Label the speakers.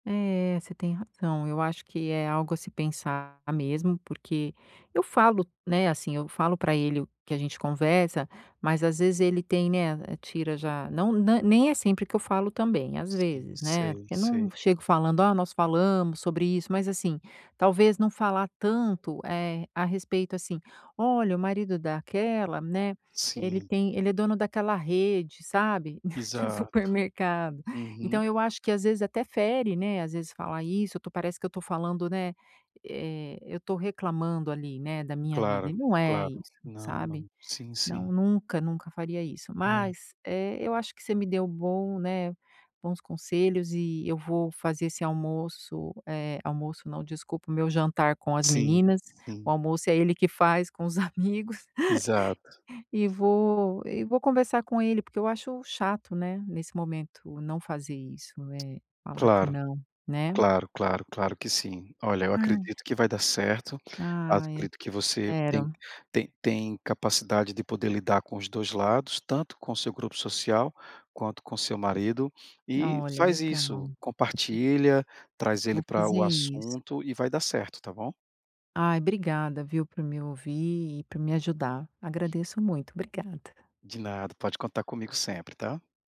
Speaker 1: É, você tem razão, eu acho que é algo a se pensar mesmo, porque eu falo, né, assim, eu falo para ele, o que a gente conversa, mas às vezes ele tem, né, tira já, não na nem é sempre que eu falo também, às
Speaker 2: Sim.
Speaker 1: vezes, né.
Speaker 2: Sei,
Speaker 1: Porque eu não
Speaker 2: sei.
Speaker 1: chego falando: "Oh, nós falamos sobre isso" mas, assim, talvez, não falar tanto, eh, a respeito, assim: "Olha, o marido daquela, né, ele
Speaker 2: Sim.
Speaker 1: tem ele é o dono daquela rede, sabe, de
Speaker 2: Exato.
Speaker 1: supermercado".
Speaker 2: Uhum.
Speaker 1: Então, eu acho que às vezes até fere, né? Às vezes falar isso, to parece que eu tô falando, né, eh, eu tô reclamando ali, né, da minha vida,
Speaker 2: Claro,
Speaker 1: e não é
Speaker 2: claro.
Speaker 1: isso,
Speaker 2: Não, não.
Speaker 1: sabe?
Speaker 2: Sim, sim.
Speaker 1: Não, nunca, nunca, faria isso,
Speaker 2: É.
Speaker 1: mas, eh, eu acho que você me deu bom, né, bons conselhos, e eu vou fazer esse almoço, eh, almoço não, desculpa, o meu jantar com as
Speaker 2: Sim,
Speaker 1: meninas, o
Speaker 2: sim.
Speaker 1: almoço é ele que faz com os amigos.
Speaker 2: Exato.
Speaker 1: E vou e vou conversar com ele, porque eu acho chato, né, nesse momento, não fazer isso, eh, falar que
Speaker 2: Claro,
Speaker 1: não, né?
Speaker 2: claro, claro, claro que sim. Olha, eu
Speaker 1: Ai
Speaker 2: acredito que vai dar certo,
Speaker 1: Ai,
Speaker 2: acredito que você tem
Speaker 1: espero.
Speaker 2: tem tem capacidade de poder lidar com os 2 lados, tanto com o seu grupo social, quanto com o seu marido, e
Speaker 1: Olha,
Speaker 2: faz isso,
Speaker 1: legal.
Speaker 2: compartilha, traz ele
Speaker 1: Vou
Speaker 2: para
Speaker 1: fazer
Speaker 2: o
Speaker 1: isso.
Speaker 2: assunto e vai dar certo, tá bom?
Speaker 1: Ai, obrigada viu, por me ouvir e por me ajudar. Agradeço muito. Obrigada.
Speaker 2: De nada, pode contar comigo sempre, tá?